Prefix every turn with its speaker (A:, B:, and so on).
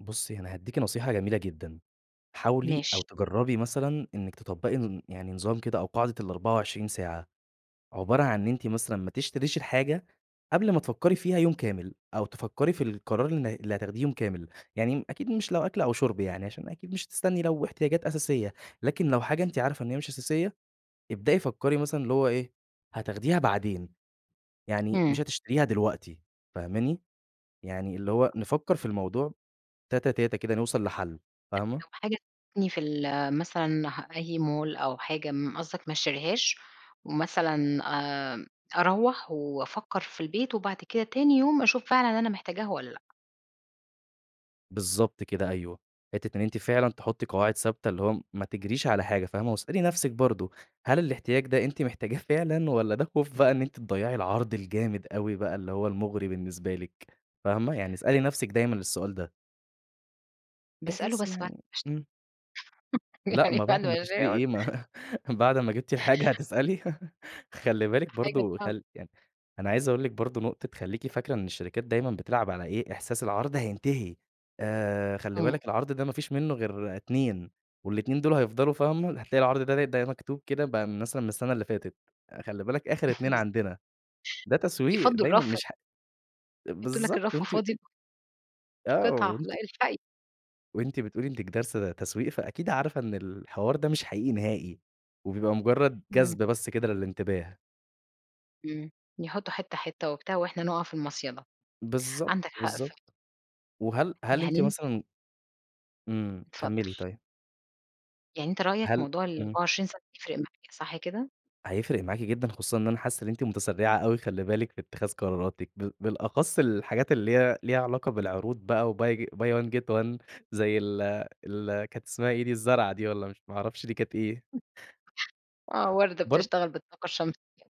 A: بُصي أنا هاديكِ نصيحة جميلة جدًا، حاولي أو
B: ماشي.
A: تجربي مثلًا إنِك تطبَّقي ن يعني نظام كده أو قاعدة ال24 ساعة، عبارة عن إن أنتِ مثلًا ما تشتريش الحاجة قبل ما تفكري
B: [unintelligible]
A: فيها يوم كامل أو تفكري في القرار الن اللي هتاخديه يوم كامل، يعني أكيد مش لو أكْل أو شُرب يعني عشان أكيد مش هتستني لو احتياجات أساسية، لكن لو حاجة أنتِ عارفة إن هي مش أساسية ابدئي فكري مثلًا اللي هو إيه هتاخديها بعدين، يعني
B: إمم.
A: مش هتشتريها دلوقتي فاهماني، يعني اللي هو نفكر في الموضوع تاتا تاتا كده نوصل لحل.
B: [unintelligible]
A: فاهمة؟
B: لو حاجة [unintelligible] في ال مثلًا أي مول أو حاجة م قصدك ما أشتريهاش ومثلًا آآ، أروَّح وأفكر في البيت وبعد كده تاني يوم أشوف فعلًا أنا محتاجاها والّا لأ؟
A: بالضبط كده أيوه. حتة إن أنتِ فعلًا تحطي قواعد ثابتة، اللي هو ما تجريش على حاجة فاهمة، واسألي نفسِك برضو هل الاحتياج ده أنتِ محتاجاه فعلًا، والّا ده خوف بقى إن أنتِ تضيَّعي العرض الجامد أوي بقى اللي هو المُغري بالنسبة لِك فاهمة، يعني اسألي نفسِك دايمًا السؤال ده.
B: باسأله
A: بحيث
B: بس بعد ما
A: يعني
B: أشتريها.
A: إمم. لأ،
B: يعني
A: ما
B: بعد
A: بعد ما
B: ما
A: تشتري
B: أشتريها [unintelligible]
A: إيه ما بعد ما جبتِ الحاجة هتسألي! خلّي
B: ده
A: بالِك
B: حاجة
A: برضو
B: صعبة.
A: خل يعني، أنا عايز أقول لِك برضو نقطة خلّيكِ فاكرة إن الشركات دايمًا بتلعب على إيه إحساس العرض هينتهي آآ، خلّي
B: إمم.
A: بالِك العرض ده ما فيش منه غير 2 وال2 دُول هيفضلوا فاهمة، هتلاقي العرض ده ده مكتوب كده بقى مثلًا من السنة اللي فاتت، "خلّي بالك آخر 2
B: بالضبط.
A: عندنا" ده تسويق
B: يفضُّوا
A: دايمًا
B: الرف
A: مش
B: يحطوا لك
A: بالضبط
B: الرف
A: وأنتِ
B: فاضي
A: آه
B: القطعة،
A: وأنتِ
B: لأ الحقي.
A: وأنتِ بتقولي إنِك دارسة تسويق فأكيد عارفة إن الحوار ده مش حقيقي نهائي، وبيبقى مجرد
B: إمم.
A: جذب بس كده للإنتباه.
B: إمم. يحطوا حتة حتة وبتاع، وإحنا نُقع في المصيدة.
A: بالضبط،
B: عندك حق فعلًا.
A: بالضبط. وهل هل
B: يعني
A: أنتِ
B: أنت
A: مثلًا إمم.
B: اتفضل.
A: كمِّلي طيب.
B: يعني أنت رأيك
A: هل
B: موضوع
A: إمم.
B: ال24 ساعة ده هيفرِق معايا صح كده؟
A: هيفرِق معاكِ جدًا، خصوصًا إن أنا حاسس إن أنتِ متسرعة أوي خلّي بالِك في اتخاذ قراراتِك، بال بالأخص الحاجات اللي هي ليها علاقة بالعروض بقى وBuy buy one get one زي ال ال كانت اسمها إيه دي الزرعة دي والّا مش ما أعرفش دي كانت إيه.
B: آه، وردة
A: بر
B: بتشتغل بالطاقة الشمسية.